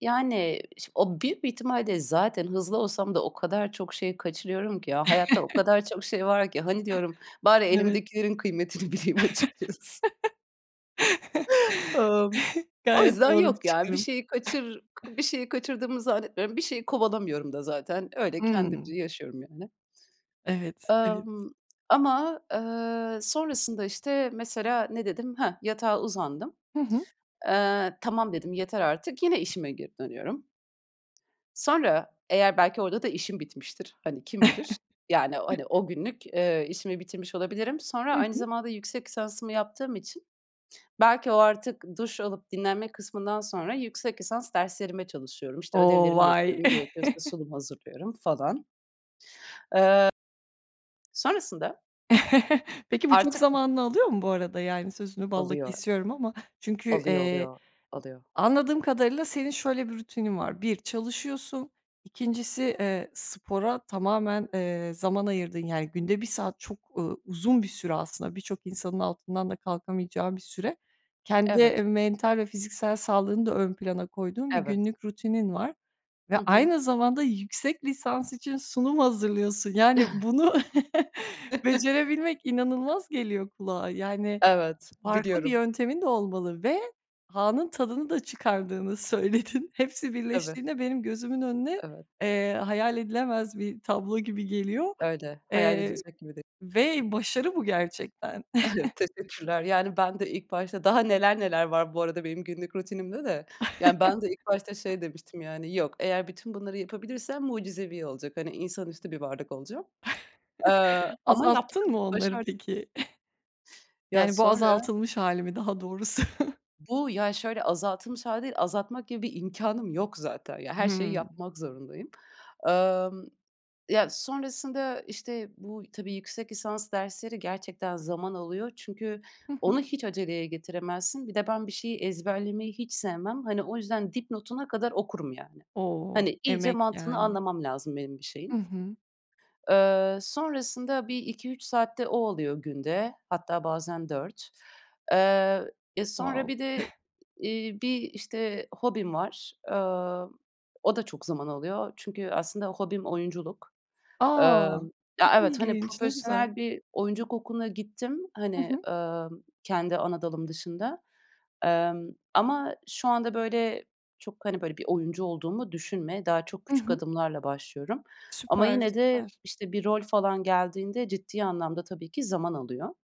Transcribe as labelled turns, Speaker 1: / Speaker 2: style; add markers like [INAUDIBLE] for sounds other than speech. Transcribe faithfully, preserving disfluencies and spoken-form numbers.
Speaker 1: Yani, şi o büyük bir ihtimalle de zaten hızlı olsam da o kadar çok şeyi kaçırıyorum ki. Ya, hayatta o
Speaker 2: [CHUCKLES]
Speaker 1: kadar çok şey var ki. "Hani," diyorum "bari
Speaker 2: Evet.
Speaker 1: elimdekilerin kıymetini bileyim açıkçası." [CHUCKLES]
Speaker 2: [CHUCKLES]
Speaker 1: Imm. O
Speaker 2: Gayet
Speaker 1: yüzden
Speaker 2: doğru bir
Speaker 1: yok, ya, bir
Speaker 2: çıkarım.
Speaker 1: şeyi kaçır k bir
Speaker 2: [CHUCKLES]
Speaker 1: şeyi kaçırdığımı zannetmiyorum, bir şeyi kovalamıyorum da zaten. Öyle
Speaker 2: Imm.
Speaker 1: kendimce yaşıyorum, yani.
Speaker 2: Evet, evet.
Speaker 1: Emm, ama, eee, sonrasında, işte, mesela, ne dedim? Heh, yatağa uzandım.
Speaker 2: Hı hı.
Speaker 1: Eee, "Tamam." dedim, "Yeter artık." Yine işime geri dönüyorum. Sonra, eğer belki orada da işim bitmiştir, hani, kim bilir, yani, hani,
Speaker 2: [CHUCKLES]
Speaker 1: o günlük, eee, işimi bitirmiş olabilirim. Sonra
Speaker 2: Hı
Speaker 1: aynı
Speaker 2: hı.
Speaker 1: zamanda yüksek lisansımı yaptığım için belki o artık duş alıp dinlenme kısmından sonra yüksek lisans derslerime çalışıyorum. İşte,
Speaker 2: O!
Speaker 1: ödevlerimi
Speaker 2: Vay.
Speaker 1: yapıyorum, gerekiyorsa
Speaker 2: [CHUCKLES]
Speaker 1: sunum hazırlıyorum falan. Eee sonrasında
Speaker 2: [CHUCKLES] Peki, bu çok
Speaker 1: artık, b
Speaker 2: zamanını alıyor mu, bu arada? Yani, sözünü balla
Speaker 1: Alıyor.
Speaker 2: kesiyorum ama çünkü,
Speaker 1: Alıyor,
Speaker 2: eee,
Speaker 1: alıyor,
Speaker 2: b
Speaker 1: alıyor.
Speaker 2: anladığım kadarıyla senin şöyle bir rutinin var. bir, çalışıyorsun. ikincisi, eee, spora tamamen, eee, zaman ayırdığın Yani, günde bir saat çok, ııı, uzun bir süre aslında, birçok insanın altından da kalkamayacağı bir süre. Kendi, eee,
Speaker 1: Evet.
Speaker 2: mental ve fiziksel sağlığını da ön plana koyduğun bir
Speaker 1: Evet.
Speaker 2: günlük rutinin var ve
Speaker 1: Hı hı.
Speaker 2: aynı zamanda yüksek lisans için sunum hazırlıyorsun. Yani, bunu [CHUCKLES] becerebilmek
Speaker 1: [LAUGHS]
Speaker 2: inanılmaz geliyor kulağa. Yani,
Speaker 1: Evet,
Speaker 2: farklı bir
Speaker 1: biliyorum.
Speaker 2: yöntemin de olmalı ve anın tadını da çıkardığını söyledin. Hepsi
Speaker 1: Tabii.
Speaker 2: birleştiğinde benim gözümün önüne,
Speaker 1: Evet.
Speaker 2: eee, hayal edilemez bir tablo gibi geliyor,
Speaker 1: Öyle. Hayal
Speaker 2: eee,
Speaker 1: edilecek gibi de
Speaker 2: ve başarı bu gerçekten. [CHUCKLES]
Speaker 1: Evet, teşekkürler. Yani, ben de ilk başta, daha neler neler var bu arada benim günlük rutinimde de. Yani, ben de ilk başta
Speaker 2: [CHUCKLES]
Speaker 1: şey demiştim, yani, "Yok, eğer bütün bunları yapabilirsem mucizevi olacak. Hani, insanüstü bir varlık olacağım." Eee,
Speaker 2: [CHUCKLES]
Speaker 1: ama yaptım,
Speaker 2: Azalttın mı onları,
Speaker 1: başardım.
Speaker 2: peki? [CHUCKLES]
Speaker 1: Ya,
Speaker 2: Yani, bu
Speaker 1: sonra
Speaker 2: azaltılmış hâli mi daha doğrusu?
Speaker 1: Bu, ya, şöyle azaltılmış hâli değil, azaltmak gibi bir imkânım yok zaten. Ya her şeyi
Speaker 2: Hımm.
Speaker 1: yapmak zorundayım. Emm ya sonrasında işte bu y tabii yüksek lisans dersleri gerçekten zaman alıyor çünkü
Speaker 2: Hı hı.
Speaker 1: onu hiç aceleye getiremezsin. Bir de ben bir şeyi ezberlemeyi hiç sevmem. Hani, o yüzden dipnotuna kadar okurum, yani.
Speaker 2: O!
Speaker 1: Hani, iyice
Speaker 2: Emek,
Speaker 1: mantığını
Speaker 2: yani.
Speaker 1: anlamam lazım benim bir
Speaker 2: Hı
Speaker 1: şeyin.
Speaker 2: hı.
Speaker 1: Eee, sonrasında bir iki üç saat de o oluyor günde, hatta bazen dört. Eee, e, sonra
Speaker 2: Wow!
Speaker 1: bir de
Speaker 2: [CHUCKLES]
Speaker 1: i iii, bir, işte, hobim var. Emm, o da çok zaman alıyor çünkü aslında hobim oyunculuk. Eee,
Speaker 2: A! Çok
Speaker 1: ya, evet, hani,
Speaker 2: ilginç, ne güzel.
Speaker 1: profesyonel bir oyunculuk okuluna gittim,
Speaker 2: Hı
Speaker 1: hani,
Speaker 2: hı.
Speaker 1: emm, kendi ana dalım dışında, emm, ama şu anda, böyle, çok, hani, böyle, bir oyuncu olduğumu düşünme. Daha çok
Speaker 2: Hı
Speaker 1: küçük
Speaker 2: hı.
Speaker 1: adımlarla başlıyorum ama
Speaker 2: Süper,
Speaker 1: yine de,
Speaker 2: süper.
Speaker 1: işte, bir rol falan geldiğinde ciddi anlamda tabii ki zaman alıyor.